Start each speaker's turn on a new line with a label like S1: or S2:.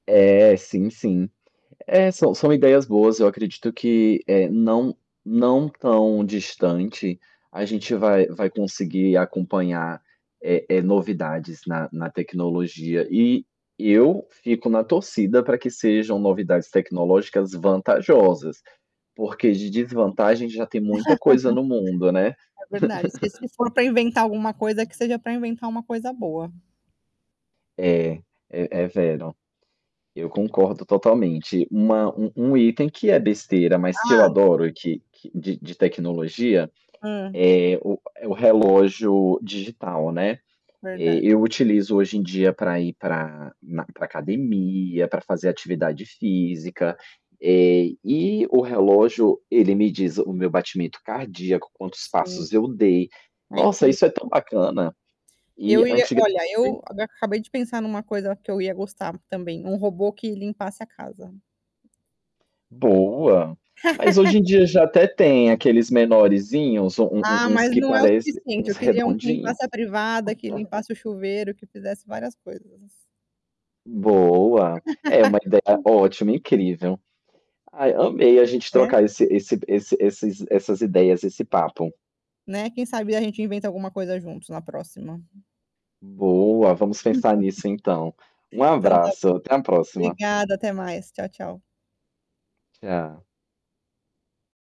S1: É, sim, sim. É, são são ideias boas, eu acredito que, eh, não não tão distante, a gente vai vai conseguir acompanhar, eh-eh, novidades na-na tecnologia e e eu fico na torcida para que sejam novidades tecnológicas vantajosas, porque de desvantagem já tem muita coisa no mundo, né
S2: É verdade, s se for para inventar alguma coisa, que seja para inventar uma coisa boa.
S1: É, é é vero. Eu concordo totalmente. Uma um um item que é besteira, mas que eu
S2: Hã.
S1: adoro e que que de de tecnologia
S2: Hum.
S1: é o é o relógio digital, né. Eh,
S2: Verdade.
S1: eu utilizo hoje em dia para ir para na para academia, para fazer atividade física, eh, e o relógio ele me diz o meu batimento cardíaco, quantos
S2: Sim.
S1: passos eu dei.
S2: É.
S1: Nossa, isso é
S2: incrível.
S1: tão bacana.
S2: Eu
S1: E,
S2: ia
S1: antiga
S2: olha, eu
S1: [unintelligible]
S2: eu acabei de pensar em uma coisa que eu ia gostar também, um robô que limpasse a casa.
S1: Boa. Mas hoje em dia já até tem aqueles menoreszinhos, um-um
S2: Ah,
S1: uns
S2: mas
S1: que
S2: não é o
S1: parece
S2: suficiente.
S1: uns
S2: Eu queria um que
S1: redondinhos.
S2: limpasse a privada, que limpasse o chuveiro, que fizesse várias coisas.
S1: Boa. É uma ideia ótima, incrível. Ai, amei a gente
S2: É?
S1: trocar esse esse esse esses essas ideias, esse papo.
S2: Né. Quem sabe a gente inventa alguma coisa juntos na próxima?
S1: Boa, vamos pensar nisso, então. Um
S2: Então está
S1: abraço,
S2: bom.
S1: até a próxima.
S2: Obrigada, até mais. Tchau, tchau.
S1: Tchau.